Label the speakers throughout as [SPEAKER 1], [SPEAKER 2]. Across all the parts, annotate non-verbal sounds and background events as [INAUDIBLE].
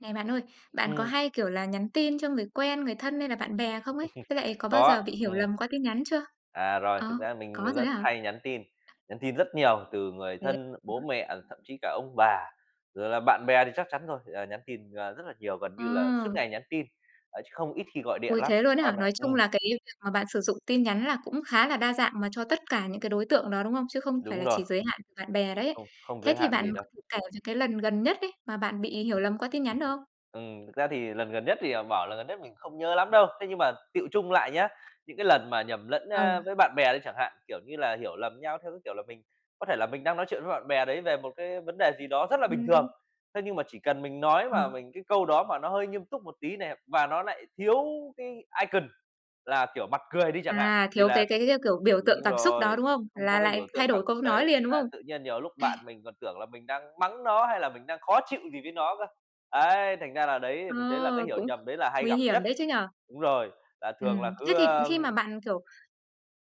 [SPEAKER 1] Này bạn ơi, bạn có
[SPEAKER 2] Ừm.
[SPEAKER 1] hay, kiểu là, nhắn tin cho người quen, người thân hay là bạn bè không ấy? Với lại
[SPEAKER 2] [CHUCKLES]
[SPEAKER 1] có bao
[SPEAKER 2] Có,
[SPEAKER 1] giờ bị hiểu
[SPEAKER 2] ừm.
[SPEAKER 1] lầm qua tin nhắn chưa?
[SPEAKER 2] À, rồi, thật
[SPEAKER 1] Ờ,
[SPEAKER 2] ra mình
[SPEAKER 1] có rồi
[SPEAKER 2] rất
[SPEAKER 1] á hả?
[SPEAKER 2] hay nhắn tin, nhắn tin rất nhiều từ người
[SPEAKER 1] Thế
[SPEAKER 2] thân, bố mẹ rồi thậm chí cả ông bà, rồi là bạn bè thì chắc chắn rồi. Ờ, nhắn tin, ờ, rất là nhiều, gần như là suốt
[SPEAKER 1] Ờ.
[SPEAKER 2] ngày nhắn tin, ờ, chứ không ít khi gọi điện
[SPEAKER 1] Ôi,
[SPEAKER 2] lắm,
[SPEAKER 1] thế luôn ấy
[SPEAKER 2] còn
[SPEAKER 1] hả? Nói chung
[SPEAKER 2] ừm.
[SPEAKER 1] là cái việc mà bạn sử dụng tin nhắn là cũng khá là đa dạng mà cho tất cả những cái đối tượng đó, đúng không? Chứ không phải
[SPEAKER 2] Đúng
[SPEAKER 1] là
[SPEAKER 2] rồi.
[SPEAKER 1] chỉ giới hạn của bạn bè đấy.
[SPEAKER 2] Không không
[SPEAKER 1] Thế
[SPEAKER 2] giới
[SPEAKER 1] thì
[SPEAKER 2] hạn
[SPEAKER 1] bạn
[SPEAKER 2] gì đâu.
[SPEAKER 1] thể kể những cái lần gần nhất ấy mà bạn bị hiểu lầm qua tin nhắn được không?
[SPEAKER 2] Ừm. Thực ra thì lần gần nhất thì, à, bảo lần gần nhất mình cũng không nhớ lắm đâu. Thế nhưng mà tựu chung lại nhá, những cái lần mà nhầm lẫn á
[SPEAKER 1] Ừ.
[SPEAKER 2] với bạn bè đi chẳng hạn. Kiểu như là, hiểu lầm nhau theo cái, kiểu là, mình có thể là mình đang nói chuyện với bạn bè đấy về một cái vấn đề gì đó rất là bình thường,
[SPEAKER 1] Ừm.
[SPEAKER 2] thế nhưng mà chỉ cần mình nói mà
[SPEAKER 1] Ừ.
[SPEAKER 2] mình cái câu đó mà nó hơi nghiêm túc một tí này, và nó lại thiếu cái icon là, kiểu, mặt cười đi chẳng hạn,
[SPEAKER 1] À,
[SPEAKER 2] thì
[SPEAKER 1] thiếu
[SPEAKER 2] là
[SPEAKER 1] cái cái, a, kiểu, biểu tượng
[SPEAKER 2] Đúng
[SPEAKER 1] cảm xúc đó,
[SPEAKER 2] rồi,
[SPEAKER 1] đúng không?
[SPEAKER 2] không có
[SPEAKER 1] Là
[SPEAKER 2] cái
[SPEAKER 1] lại
[SPEAKER 2] biểu
[SPEAKER 1] thay
[SPEAKER 2] tượng cảm
[SPEAKER 1] đổi
[SPEAKER 2] xúc
[SPEAKER 1] câu nói
[SPEAKER 2] đấy,
[SPEAKER 1] liền, đúng
[SPEAKER 2] là
[SPEAKER 1] không?
[SPEAKER 2] tự nhiên nhiều lúc bạn
[SPEAKER 1] [CHUCKLES]
[SPEAKER 2] mình còn tưởng là mình đang mắng nó hay là mình đang khó chịu gì với nó cơ. Ấy, thành ra là đấy thì
[SPEAKER 1] Ờ,
[SPEAKER 2] mình thấy là cái hiểu
[SPEAKER 1] cũng
[SPEAKER 2] nhầm đấy là hay
[SPEAKER 1] nguy
[SPEAKER 2] gặp
[SPEAKER 1] hiểm
[SPEAKER 2] nhất.
[SPEAKER 1] đấy chứ nhỉ?
[SPEAKER 2] Đúng rồi, là thường là
[SPEAKER 1] Ừm, thế
[SPEAKER 2] cứ
[SPEAKER 1] thì
[SPEAKER 2] a
[SPEAKER 1] khi mà bạn, kiểu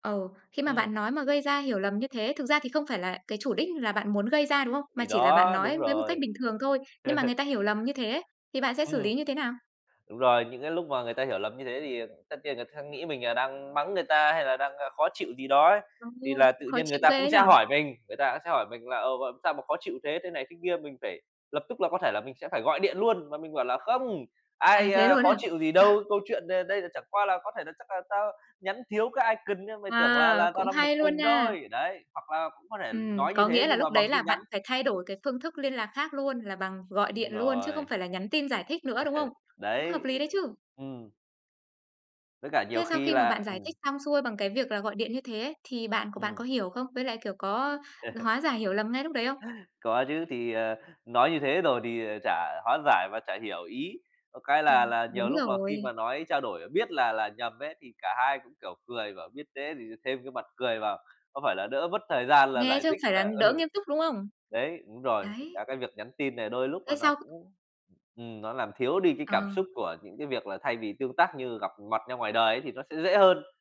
[SPEAKER 1] Ừ. Khi mà
[SPEAKER 2] Ừm.
[SPEAKER 1] bạn nói mà gây ra hiểu lầm như thế thực ra thì không phải là cái chủ đích là bạn muốn gây ra, đúng không? Mà
[SPEAKER 2] Thì
[SPEAKER 1] chỉ là bạn
[SPEAKER 2] đó, đúng
[SPEAKER 1] nói với một cách
[SPEAKER 2] rồi.
[SPEAKER 1] bình thường thôi. Nhưng mà người
[SPEAKER 2] [CHUCKLES]
[SPEAKER 1] ta hiểu lầm như thế ấy, thì bạn sẽ xử
[SPEAKER 2] Ừm.
[SPEAKER 1] lý như thế nào?
[SPEAKER 2] Đúng rồi, những cái lúc mà người ta hiểu lầm như thế thì, à, tất nhiên người ta khắc nghĩ mình là đang mắng người ta, hay là đang khó chịu gì đó ấy. Thì là
[SPEAKER 1] [UNINTELLIGIBLE]
[SPEAKER 2] tự
[SPEAKER 1] Khó
[SPEAKER 2] nhiên người
[SPEAKER 1] chịu
[SPEAKER 2] ta
[SPEAKER 1] ghê
[SPEAKER 2] cũng
[SPEAKER 1] ấy nhỉ?
[SPEAKER 2] sẽ hỏi mình người ta cũng sẽ hỏi mình là "Ồ, làm sao mà khó chịu thế?" thế này thế kia, mình phải lập tức là có thể là mình sẽ phải gọi điện luôn và mình bảo là "Không,
[SPEAKER 1] À,
[SPEAKER 2] ai,
[SPEAKER 1] thế
[SPEAKER 2] a,
[SPEAKER 1] luôn á
[SPEAKER 2] khó
[SPEAKER 1] hả?
[SPEAKER 2] chịu gì đâu.
[SPEAKER 1] [CHUCKLES]
[SPEAKER 2] Câu chuyện đây đây là chẳng qua là có thể là chắc là tao nhắn thiếu cái icon nên mày tưởng là
[SPEAKER 1] Wow,
[SPEAKER 2] là tao
[SPEAKER 1] cũng
[SPEAKER 2] đang bực
[SPEAKER 1] hay luôn
[SPEAKER 2] mình
[SPEAKER 1] nha!
[SPEAKER 2] thôi." Đấy. Hoặc là cũng có thể
[SPEAKER 1] Ừm,
[SPEAKER 2] nói như
[SPEAKER 1] có
[SPEAKER 2] thế
[SPEAKER 1] nghĩa là
[SPEAKER 2] nhưng mà
[SPEAKER 1] lúc
[SPEAKER 2] bằng
[SPEAKER 1] đấy là
[SPEAKER 2] tin
[SPEAKER 1] bạn
[SPEAKER 2] nhắn.
[SPEAKER 1] phải thay đổi cái phương thức liên lạc khác luôn, là bằng gọi
[SPEAKER 2] Đúng
[SPEAKER 1] điện luôn chứ không
[SPEAKER 2] rồi.
[SPEAKER 1] phải là nhắn tin giải thích nữa, đúng không?
[SPEAKER 2] [CHUCKLES]
[SPEAKER 1] Cũng hợp
[SPEAKER 2] Đấy,
[SPEAKER 1] lý đấy chứ!
[SPEAKER 2] ừm. Với cả nhiều
[SPEAKER 1] Thế sau
[SPEAKER 2] khi
[SPEAKER 1] khi mà bạn
[SPEAKER 2] là
[SPEAKER 1] giải
[SPEAKER 2] ừm.
[SPEAKER 1] thích xong xuôi bằng cái việc là gọi điện như thế ấy, thì bạn của bạn
[SPEAKER 2] Ừm.
[SPEAKER 1] có hiểu không? Với lại, kiểu, có
[SPEAKER 2] [CHUCKLES]
[SPEAKER 1] hóa giải hiểu lầm ngay lúc đấy không?
[SPEAKER 2] Có chứ, thì, à, nói như thế rồi thì, à, chả hóa giải và chả hiểu ý. Có cái
[SPEAKER 1] À,
[SPEAKER 2] là là nhiều
[SPEAKER 1] đúng
[SPEAKER 2] lúc là khi
[SPEAKER 1] rồi.
[SPEAKER 2] mà nói trao đổi biết là là nhầm ấy thì cả hai cũng, kiểu, cười, bảo: "Biết thế thì thêm cái mặt cười vào, có phải là đỡ mất thời gian là
[SPEAKER 1] Nghe
[SPEAKER 2] giải
[SPEAKER 1] chứ không
[SPEAKER 2] thích
[SPEAKER 1] phải là
[SPEAKER 2] là"
[SPEAKER 1] đỡ
[SPEAKER 2] ừ.
[SPEAKER 1] nghiêm túc, đúng không?
[SPEAKER 2] Đấy, đúng rồi.
[SPEAKER 1] Đấy.
[SPEAKER 2] Cả cái việc nhắn tin này đôi lúc
[SPEAKER 1] Thế
[SPEAKER 2] là nó
[SPEAKER 1] xong
[SPEAKER 2] cũng ừm, nó làm thiếu đi cái cảm xúc
[SPEAKER 1] Ờ.
[SPEAKER 2] của những cái việc là thay vì tương tác như gặp mặt nhau ngoài đời ấy thì nó sẽ dễ hơn.